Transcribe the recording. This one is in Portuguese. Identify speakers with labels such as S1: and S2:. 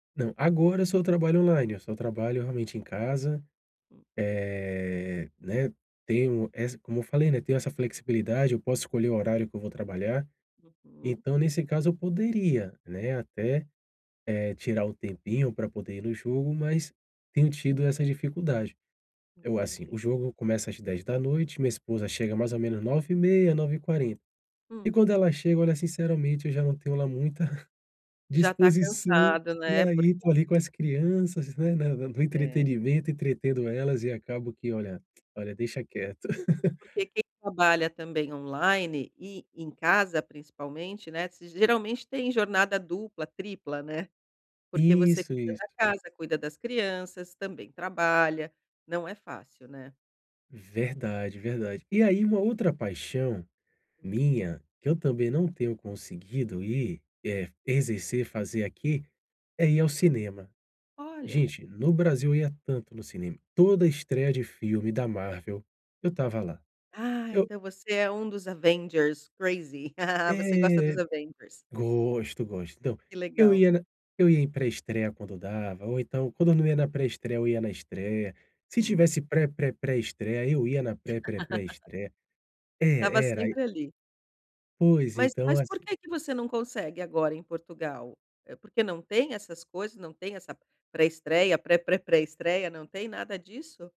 S1: Não, agora eu só trabalho online, eu só trabalho realmente em casa, eh, né, tenho essa como eu falei, né, tenho essa flexibilidade, eu posso escolher o horário que eu vou trabalhar.
S2: Uhum.
S1: Então, nesse caso, eu poderia, né, até, eh, tirar um tempinho pra poder ir no jogo, mas tenho tido essa dificuldade. Eu, assim,
S2: Entendi.
S1: o jogo começa às 22h, minha esposa chega mais ou menos 9:30h, 9:40h. E
S2: Hum.
S1: quando ela chega, olha, sinceramente, eu já não tenho lá muita
S2: Já está
S1: disposição
S2: cansado, né,
S1: pra
S2: porque
S1: ir correr com as crianças, né, na na no
S2: É.
S1: entretenimento, entretendo elas, e acabo que olha olha, deixa quieto.
S2: Porque quem trabalha também online e em casa, principalmente, né, se geralmente tem jornada dupla, tripla, né. Porque você
S1: Isso,
S2: cuida da
S1: isso.
S2: casa, cuida das crianças, também trabalha. Não é fácil, né.
S1: Verdade, verdade. E aí uma outra paixão minha, que eu também não tenho conseguido ir, eh, exercer, fazer aqui, é ir ao cinema.
S2: Olha.
S1: Gente, no Brasil eu ia tanto no cinema. Toda estreia de filme da Marvel, eu estava lá.
S2: Ah,
S1: Eu
S2: então você é um dos Avengers, crazy. Você gosta dos
S1: É.
S2: Avengers.
S1: Gosto, gosto. Então,
S2: Que
S1: eu
S2: legal.
S1: ia na eu ia em pré-estreia, quando dava, ou então, quando eu não ia na pré-estreia, eu ia estreia. Se
S2: Hum.
S1: tivesse pré-pré-pré-estreia, eu ia na pré-pré-pré-estreia.
S2: Estava
S1: É, era, aí
S2: sempre ali.
S1: Pois,
S2: Mas
S1: então
S2: mas por
S1: assi
S2: que que você não consegue, agora em Portugal? É porque não tem essas coisas, não tem essa pré-estreia, pré-pré-pré-estreia, não tem nada disso?